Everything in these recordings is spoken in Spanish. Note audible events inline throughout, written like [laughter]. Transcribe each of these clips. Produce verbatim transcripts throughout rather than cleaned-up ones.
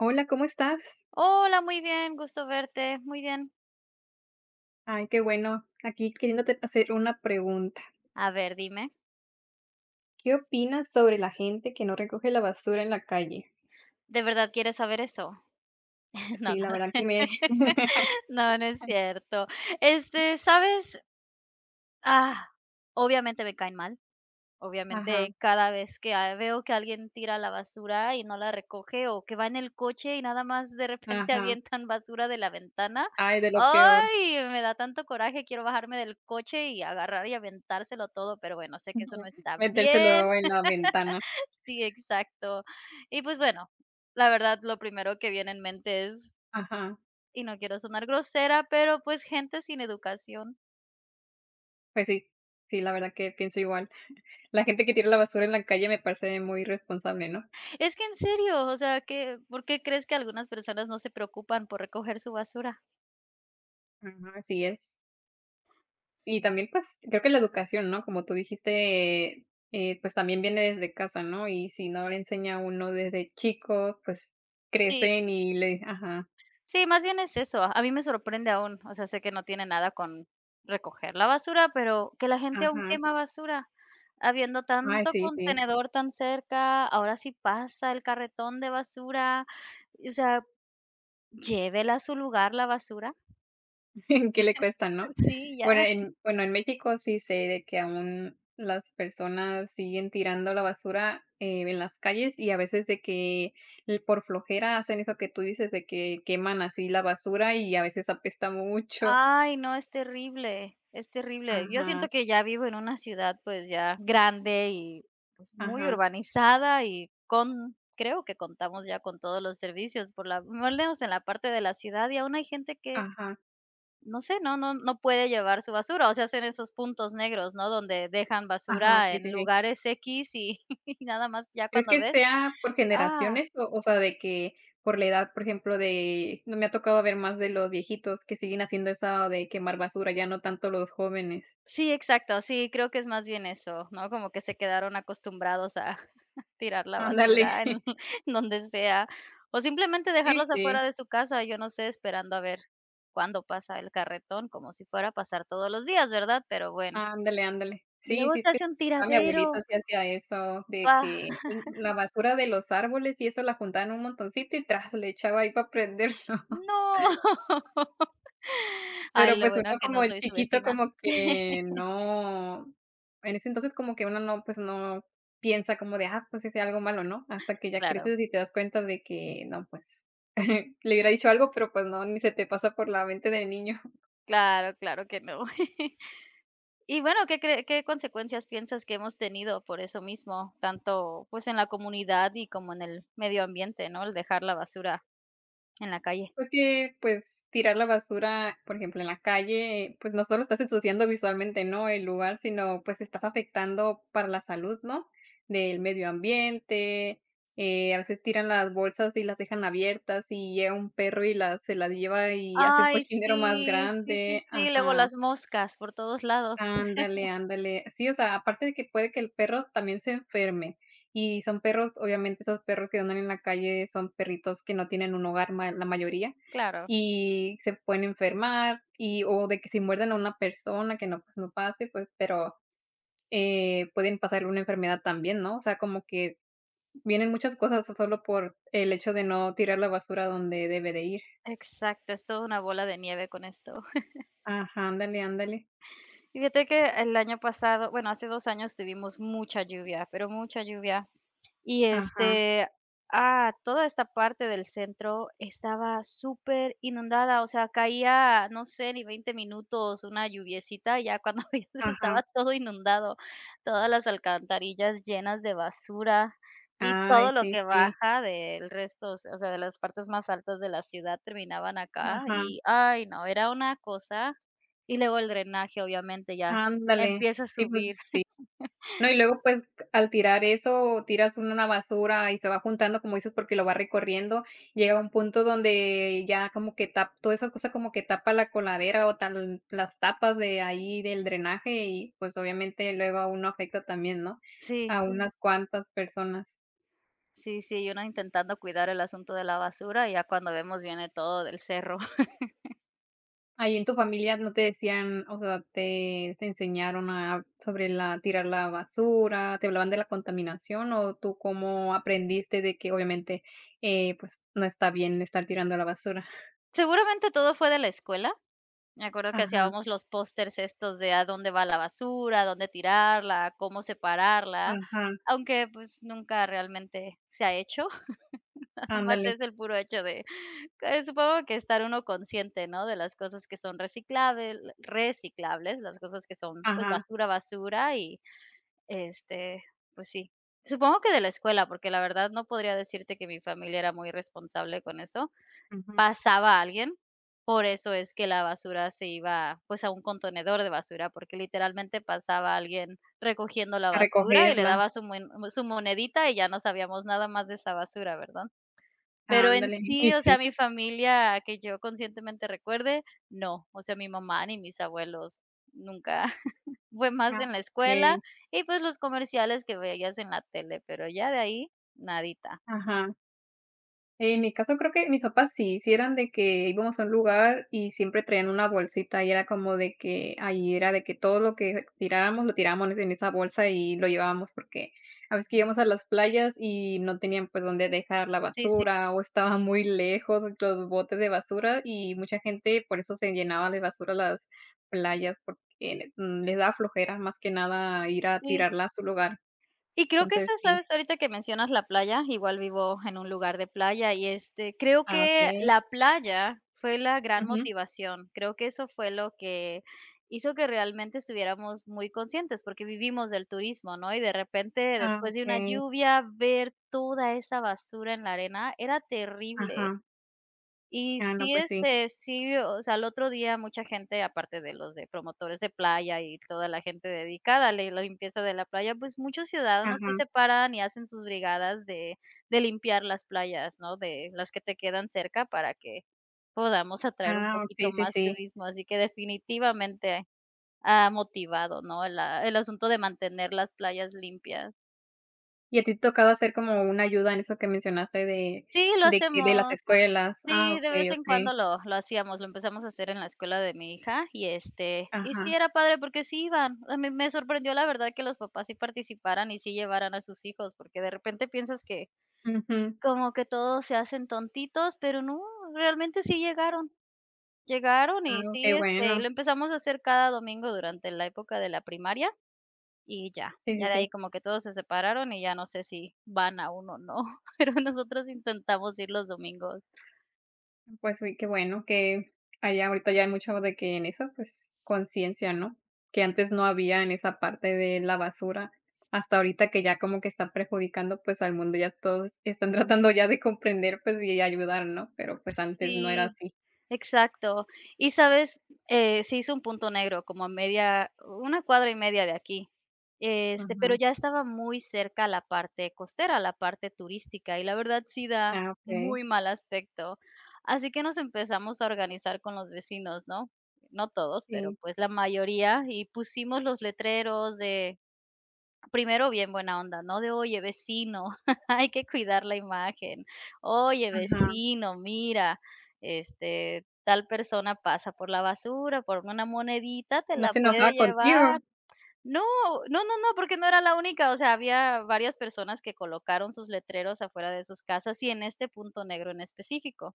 Hola ¿cómo estás? Hola, muy bien, gusto verte, muy bien. Ay, qué bueno, aquí queriéndote hacer una pregunta. A ver, dime. ¿Qué opinas sobre la gente que no recoge la basura en la calle? ¿De verdad quieres saber eso? Eh, no Sí, la verdad no, que me [laughs] no no es [laughs] cierto, este, ¿sabes? ¡Ah! Obviamente me caen mal, Ajá. obviamente cada vez que, ah, veo que alguien tira la basura y no la recoge o que va en el coche y nada más de repente Ajá. avientan basura de la ventana, Ay, de lo peor. ¡ay!, me da tanto coraje, quiero bajarme del coche y agarrar y aventárselo todo, pero bueno, sé que eso no Ujú, está bien. metérselo en la ventana. [laughs] Sí, exacto, y pues bueno, la verdad, lo primero que viene en mente es Ajá. y no quiero sonar grosera, pero pues gente sin educación. Pues sí sí la verdad que pienso igual, la gente que tira la basura en la calle me parece muy irresponsable, ¿no? Es que en serio, o sea, que, ¿por qué crees que algunas personas no se preocupan por recoger su basura? Ajá, así es. Y Ujú. también, pues, creo que la educación, ¿no?, como tú dijiste, eh, pues, también viene desde casa, ¿no?, y si no le enseña uno desde chico, pues, Sí. crecen y le di ajá. Sí, más bien es eso, a mí me sorprende aún, o sea, sé que no tiene nada con recoger la basura, pero que la gente aún Ajá. quema basura. Habiendo Ay, tanto sí, sí. contenedor tan cerca, ahora sí pasa el carretón de basura, o sea, llévela a su lugar la basura. [chuckles] ¿Qué le cuesta, no? [chuckles] Sí, Bueno, ya. en, bueno, en México sí sé de que aún las personas siguen tirando la basura, eh, en las calles y a veces, de que, por flojera, hacen eso que tú dices, de que queman así la basura y a veces, apesta mucho. Ay no, es terrible, es terrible. Yo siento Ajá. que ya vivo en una ciudad, pues, ya grande y, pues, muy Ajá. urbanizada y con creo que contamos ya con todos los servicios por la por lo menos en la parte de la ciudad y aún hay gente que Ajá. no sé, no no no puede llevar su basura, o sea, hacen esos puntos negros, ¿no?, donde dejan Ajá, basura sí, en sí, sí. lugares equis, y nada más ya ¿Crees cuando que ves, sea por ah. generaciones?, o o sea, de que por la edad, por ejemplo, de no me ha tocado ver más de los viejitos que siguen haciendo eso de quemar basura, ya no tanto los jóvenes. Sí, exacto, sí, creo que es más bien eso, ¿no?, como que se quedaron acostumbrados a tirar la Ándale. basura en [chuckles] donde sea, o, simplemente, Sí, dejarlos sí. afuera de su casa, yo no sé, esperando a ver cuándo pasa el carretón, como si fuera a pasar todos los días, ¿verdad? Pero, bueno. Ándale, ándale. Y Sí, luego sí, es se que, hace un ah, mi tiradero. abuelito sí hacía eso de Ah. que [chuckles] la basura de los árboles y eso la juntaba en un montoncito, y tras, le echaba ahí para prenderlo. No. Ay, Pero, lo pues, uno bueno que como no el soy su chiquito vecina. como que, [chuckles] no, en ese entonces como que uno no, pues, no piensa como de, ah, pues, hice algo malo, ¿no?, hasta que ya Claro. creces y te das cuenta de que, no, pues, [giggles] le hubiera dicho algo, pero, pues, no, ni se te pasa por la mente de niño. [chuckles] Claro, claro que no. [chuckles] Y bueno, ¿qué cree qué consecuencias piensas que hemos tenido por eso mismo? Tanto, pues, en la comunidad y como en el medio ambiente, ¿no?, el dejar la basura en la calle. Pues, que, pues, tirar la basura, por ejemplo, en la calle, pues, no solo estás ensuciando visualmente, ¿no?, el lugar, sino, pues, estás afectando para la salud, ¿no?, del medio ambiente. Eh, a veces, tiran las bolsas y las dejan abiertas, y llega un perro y las se las lleva y hace un Ay, cochinero más sí, sí, sí, grande sí, luego ajá las moscas por todos lados Ándale, [chuckles] ándale. Sí, o sea, aparte de que puede que el perro también se enferme. Y son perros, obviamente, esos perros que andan en la calle, son perritos que no tienen un hogar ma la mayoría, Claro. y se pueden enfermar y o de que si muerden a una persona que no, pues, no pase, pues, pero, eh, pueden pasarle una enfermedad también, ¿no?, o sea, como que vienen muchas cosas, tan sólo por el hecho de no tirar la basura a donde debe de ir. Exacto, es todo una bola de nieve con esto. [chuckles] Ajá, ándale, ándale. Fíjate que el año pasado, bueno, hace dos años tuvimos mucha lluvia, pero mucha lluvia, y Ajá. este, ah, toda esta parte del centro estaba súper inundada, o sea, caía, no sé, ni veinte minutos una lluviecita, y ya cuando veías Ajá. estaba todo inundado, todas las alcantarillas llenas de basura y Ay, todo lo sí, que sí. baja del resto, o se o sea, de las partes más altas de la ciudad terminaban acá, Ajá. y ay, no, era una cosa. Y luego el drenaje, obviamente, ya Ándale. empieza a Sí, pues, subir. sí. [laughs] No, y luego, pues, al tirar eso, tiras una basura y se va juntando, como dices, porque lo va recorriendo. Llega un punto donde ya como que tap toda esa cosa como que tapa la coladera o tan las tapas de ahí del drenaje y, pues, obviamente, luego a uno afecta también, ¿no?, Sí. a unas cuantas personas. Sí, sí, y una intentando cuidar el asunto de la basura, y ya cuando vemos viene todo del cerro. [laughs] Ahí en tu familia, ¿no te decían?, o sea, te te enseñaron a sobre la tirar la basura, te hablaban de la contaminación, o tú cómo aprendiste de que, obviamente, eh, pues, no está bien estar tirando a la basura? Seguramente todo fue de la escuela, me acuerdo que Ajá. hacíamos los posters estos de a dónde va la basura, a dónde tirarla, a cómo separarla. Ajá. Aunque, pues, nunca realmente se ha hecho, [chuckles] nada más Ándale. es el puro hecho de que supongo que estar uno consciente, ¿no?, de las cosas que son recicables reciclables, las cosas que son, pues, Ajá. basura, basura, y, este, pues sí. Supongo que de la escuela, porque la verdad no podría decirte que mi familia era muy responsable con eso. Ujú. Pasaba alguien, por eso es que la basura se iba, pues, a un contenedor de basura, porque literalmente pasaba alguien recogiendo la A basura y le recogerla. daba su muen su monedita, y ya no sabíamos nada más de esa basura, ¿verdad? Pero en Ándale, sí, y o sea, sí. mi familia que yo conscientemente recuerde, no, o sea, mi mamá, ni mis abuelos nunca, [chuckles] Fue más Ah, en la escuela okey. y, pues, los comerciales que veías en la tele, pero ya de ahí, nadita. Ajá. En mi caso, creo que mis papás sí, si eran de que íbamos a un lugar y siempre traían una bolsita. Y era como de que, ahí era de que, todo lo que tirábamos, lo tirábamos en esa bolsa, y lo llevábamos. Porque a veces que íbamos a las playas y no tenían, pues, donde dejar la Sí, sí. basura, o estaban muy lejos los botes de basura, y mucha gente por eso se llenaba de basura las playas, porque, mm, le da flojera más que nada ir a Sí. tirarla a su lugar. Y creo que, esta, Entonces, sí. sabes ahorita que mencionas la playa, igual vivo en un lugar de playa. Y, este, creo Ah, que okey. la playa fue la gran Ujú. motivación, creo que eso fue lo que hizo que realmente estuviéramos muy conscientes, porque vivimos del turismo, ¿no? Y de repente Ah, después de una okey. lluvia ver toda esa basura en la arena, era terrible. Ajá. Y Ah, no, sí, pues sí. este, sí, o sea, al otro día mucha gente, aparte de los de promotores de playa y toda gente dedicada a le la limpieza de la playa, pues, muchos ciudadanos sí Ajá. se paran y hacen sus brigadas de de limpiar las playas, ¿no?, de las que te quedan cerca para que podamos atraer un Ah, poquito okey, sí, más sí. turismo, así que definitivamente ha motivado, ¿no?, la el asunto de mantener las playas limpias. ¿Y a ti te tocaba hacer como una ayuda en eso que mencionaste de Sí, lo de que de las hacemos. escuelas Ah, Sí, de vez okey, en okey. cuando lo lo hacíamos, lo empezamos a hacer en la escuela de mi hija y este y sí Ajá. era padre porque sí iban. A mí me sorprendió, la verdad, que los papás sí participaran y sí llevaran a sus hijos, porque de repente piensas que Ujú. como que todos se hacen tontitos, pero no, realmente sí llegaron. Llegaron Ah, y oh, sí, qué este, y bueno. lo empezamos a hacer cada domingo durante la época de la primaria, y ya, Sí, ya sí, de sí. ahí como que todos se separaron y ya no sé si van aún o no, pero nosotros intentamos ir los domingos. Mm, pues sí, qué bueno que haya ahorita ya mucho de que en eso, pues, conciencia, ¿no?, que antes no había en esa parte de la basura. Hasta ahorita que ya como que está perjudicando, pues, al mundo, ya s todos están tratando ya de comprender, pues, y ayudar, ¿no?, pero, pues, antes no era Sí, así. exacto. ¿Y sabes?, eh, se hizo un punto negro como a media, u una cuadra y media de aquí, este, pero Ajá. ya estaba muy cerca a la parte costera, a la parte turística, y la verdad sí da Ah, okey. muy mal aspecto. Así que nos empezamos a organizar con los vecinos, ¿no?, no todos, pero, Sí. pues, la mayoría, y pusimos los letreros de primero bien buena onda, ¿no?, de, "Oye vecino, [chuckles] hay que cuidar la imagen. Oye Ajá. vecino, mira, este, tal persona pasa por la basura, por una monedita te ¿No la se puede enojaba contigo? llevar". No, no, no, no, porque no era la única, o sea, había varias personas que colocaron sus letreros afuera de sus casas y en este punto negro en específico.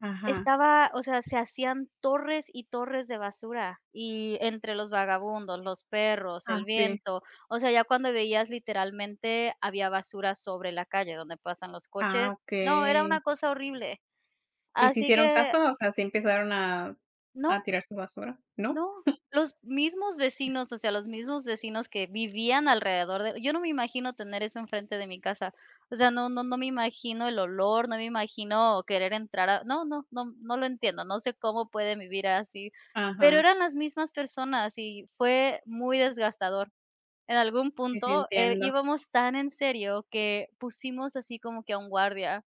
Ajá. Estaba, o sea, se hacían torres y torres de basura y entre los vagabundos, los perros, Ah, el sí. viento, o sea, ya cuando veías, literalmente, había basura sobre la calle donde pasan los Ah, coches. No, era okey. una cosa horrible. ¿Y si Así hicieron que caso, o sea, sí empezaron a a No. tirar su basura? ¿No? No. [chuckles] Los mismos vecinos, o sea, los mismos vecinos que vivían alrededor de yo no me imagino tener eso enfrente de mi casa. O sea, no no no me imagino el olor, no me imagino querer entrar a no no no no lo entiendo, no sé cómo pueden vivir así, pero Ajá. eran las mismas personas y fue muy desgastador. En algún Y sí, punto, eh, entiendo. íbamos tan en serio que pusimos así como que a un guardia,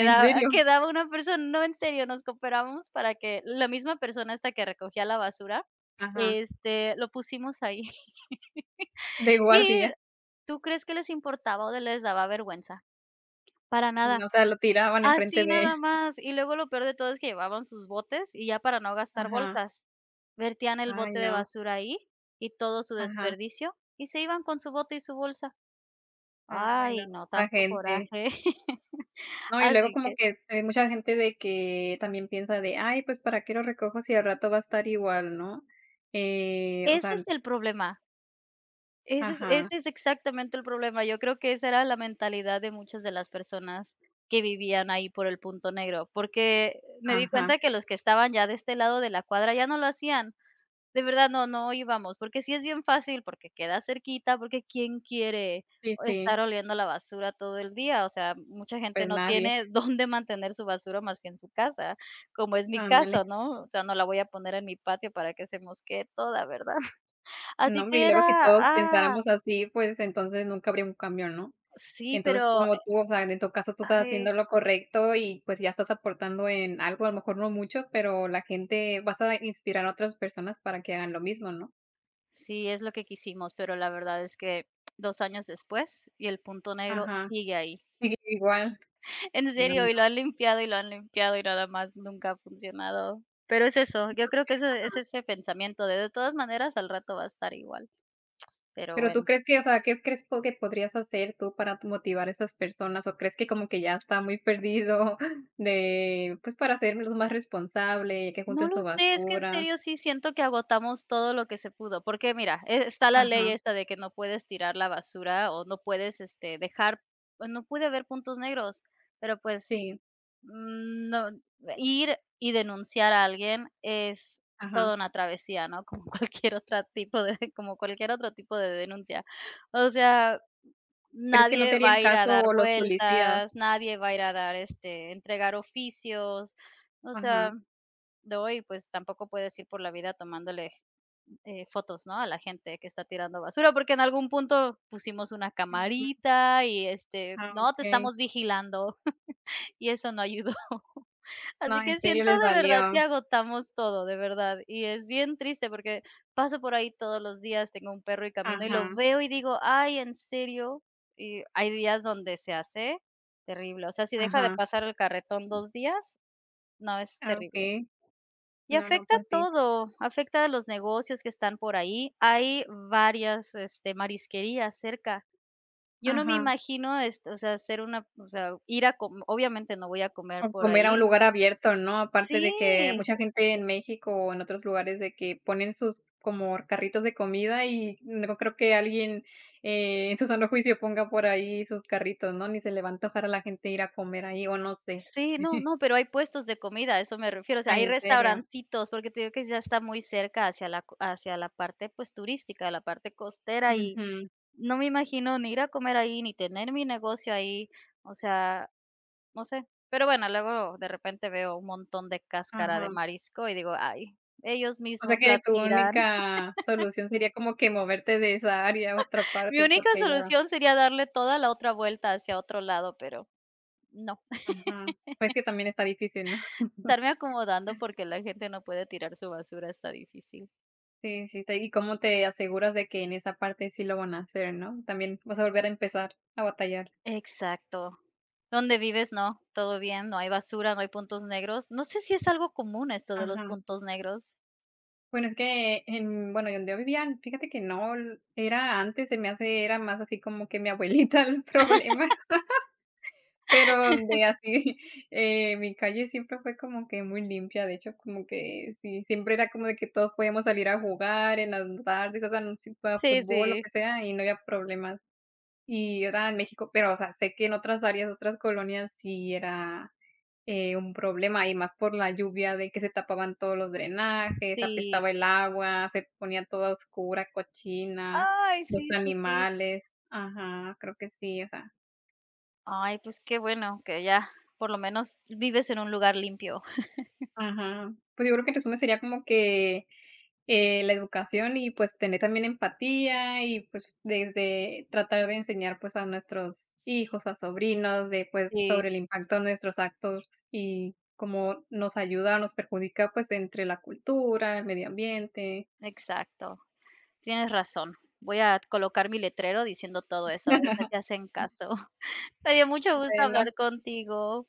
¿En serio? quedaba una person no, en serio, nos cooperábamos para que la misma persona, esta que recogía la basura, Ajá. este, lo pusimos ahí. De [laughs] ¿Y guardia. tú crees que les importaba o de les daba vergüenza? Para Mm, nada. o sea, lo tiraban en frente Así, de él. nada más. Y luego lo peor de todo es que llevaban sus botes y ya para no gastar Ajá. bolsas, vertían el Ay, bote de no. basura ahí y todo su Ajá. desperdicio, y se iban con su bote y su bolsa. Ay, Ay, no, no, esa tanto gente. coraje. [laughs] No, y luego Así como que que t hay mucha gente de que también piensa de "Ay, pues, ¿para qué lo recojo si al rato va a estar igual, no?", eh, o Ese es sea el problema. Ese es Ajá. ese es exactamente el problema, yo creo que esa era la mentalidad de muchas de las personas que vivían ahí por el punto negro, porque me di Ajá. cuenta que los que estaban ya de este lado de la cuadra ya no lo hacían, de verdad no no íbamos, porque sí es bien fácil, porque queda cerquita, porque quién quiere, Sí, oh, sí. estar oliendo la basura todo el día, o sea, mucha gente Pues, no nadie. tiene [chuckles] dónde mantener su basura más que en su casa, como es mi Ándale. caso, ¿no? O sea, no la voy a poner en mi patio para que se mosquee toda, ¿verdad? Así Nombre, y que luego, si era, todos ah pensáramos así, pues, entonces nunca habría un cambio, ¿no? Sí, Entonces, pero. como tú, o sea, en en caso tú estás Ay haciendo lo correcto y, pues, ya estás aportando en algo, a lo mejor, no mucho, pero la gente vas a inspirar a otras personas para que hagan lo mismo, ¿no? Sí, es lo que quisimos, pero la verdad es que dos años después y el punto negro Ajá, sigue ahí. sigue igual. En Ay, no. serio, y lo han limpiado, y lo han limpiado, y nada más nunca ha funcionado. Pero es eso, Sí, yo creo porque que está ese es solo. ese pensamiento de de todas maneras al rato va a estar igual. [tsk] Pero Pero tú bueno. crees que, o sea, ¿qué crees tú que podrías hacer tú para tú motivar a esas personas? ¿O crees que como que ya está muy perdido de, pues, para hacérmelos más responsable y que No junten lo su sé, es que en basura? serio sí siento que agotamos todo lo que se pudo, porque, mira, eh, está la ley Ajá. esta de que no puedes tirar la basura o no puedes, este, dejar, pues, no puede haber puntos negros, pero, pues, Sí. no ir y denunciar a alguien es Ajá. toda una travesía, ¿no? Como cualquier otra tipo de como cualquier otro tipo de denuncia. O sea, ¿Crees que no te nadie va harían a ir a dar caso los policías? vueltas, nadie va a ir a dar, este, entregar oficios. O sea, Ajá. de hoy, pues, tampoco puedes ir por la vida tomándole, eh, fotos, ¿no?, a la gente que está tirando basura, porque en algún punto pusimos una Ujú. camarita y, este, Ah, no, te okey. estamos vigilando, y eso no ayudó. No, Así en que serio siento les de verdad que valió. agotamos todo, de verdad, y es bien triste, porque paso por ahí todos los días, tengo un perro y camino, y lo Ajá. veo, y digo: "Ay, ¿en serio?". Y digo, hay días donde se hace terrible, o sea, si deja de Ajá. pasar el carretón dos días, no, es Ah, terrible. okey. Y No, no, afecta a pues, sí. todo, afecta a los negocios que están por ahí, hay varias, este, marisquerías cerca. Yo no me Ajá. imagino, este, o sea, hacer una, o sea, ir a com obviamente no voy a comer O por comer a un ahí. lugar abierto, ¿no? Aparte de que Sí. mucha gente en México o en otros lugares, de que ponen sus como carritos de comida y no creo que alguien, eh, en su sano juicio ponga por ahí sus carritos, ¿no?, ni se le va a antojar a la gente ir a comer ahí, o no sé. Sí, no, [chuckles] no, pero hay puestos de comida, a eso me refiero, o sea, hay Ay, ¿en serio? restaurancitos, porque te digo que ya está muy cerca hacia la hacia la parte, pues, turística, la parte costera, y Ujú. no me imagino ni ir a comer ahí, ni tener mi negocio ahí, o sea, no sé. Pero bueno, luego de repente veo un montón de cáscara de Ajá. marisco y digo: "Ay, ellos O sea, mismos que la tu tiran". única [laughs] solución sería como que moverte de esa área a otra [chuckles] Mi parte, única porque ya solución sería darle toda la otra vuelta hacia otro lado, pero, no. Ajá. Pues, es que [laughs] también está difícil, ¿no? [laughs] Estarme acomodando, porque la gente no puede tirar su basura, está difícil. Sí, sí, está y, ¿cómo te aseguras de que en esa parte sí lo van a hacer, no? También vas a volver a empezar a batallar. Exacto, ¿dónde vives, no? ¿Todo bien, no hay basura, no hay puntos negros? No sé si es algo común esto de los Ajá. puntos negros. Bueno, es que en bueno, yo donde yo vivía, fíjate que no l era antes, se me hace, era más así como que mi abuelita era problema. [laughs] [laughs] Pero donde [laughs] así, eh, mi calle siempre fue como que muy limpia, de hecho, como que sí, siempre era como de que todos podíamos salir a jugar en las n tardes, o sea, n si fuera Sí, fútbol, lo sí. que sea, y no había problemas, y era en México, pero, o sea, sé que en otras áreas, otras colonias sí era, eh, un problema, y más por la lluvia de que se tapaban todos los drenajes, Sí. apestaba el agua, se ponía todo a oscura, cochina, Ay, los sí, sí, sí. animales. Ajá, creo que sí, o sea Ay, pues qué bueno que allá, por lo menos, vives en un lugar limpio. [chuckles] Ajá, pues yo creo que tu zona sería como que, eh, la educación y, pues, tener también empatía y, pues, desde tratar de enseñar, pues, a nuestros hijos, a sobrinos de, pues, Sí. sobre el impacto de nuestros actos y cómo nos ayuda o nos perjudica, pues, entre la cultura, el medio ambiente. Exacto, tienes razón, voy a colocar mi letrero diciendo todo eso, a ver si así hacen [laughs] caso. [chuckles] Me dio mucho gusto Bueno. hablar contigo.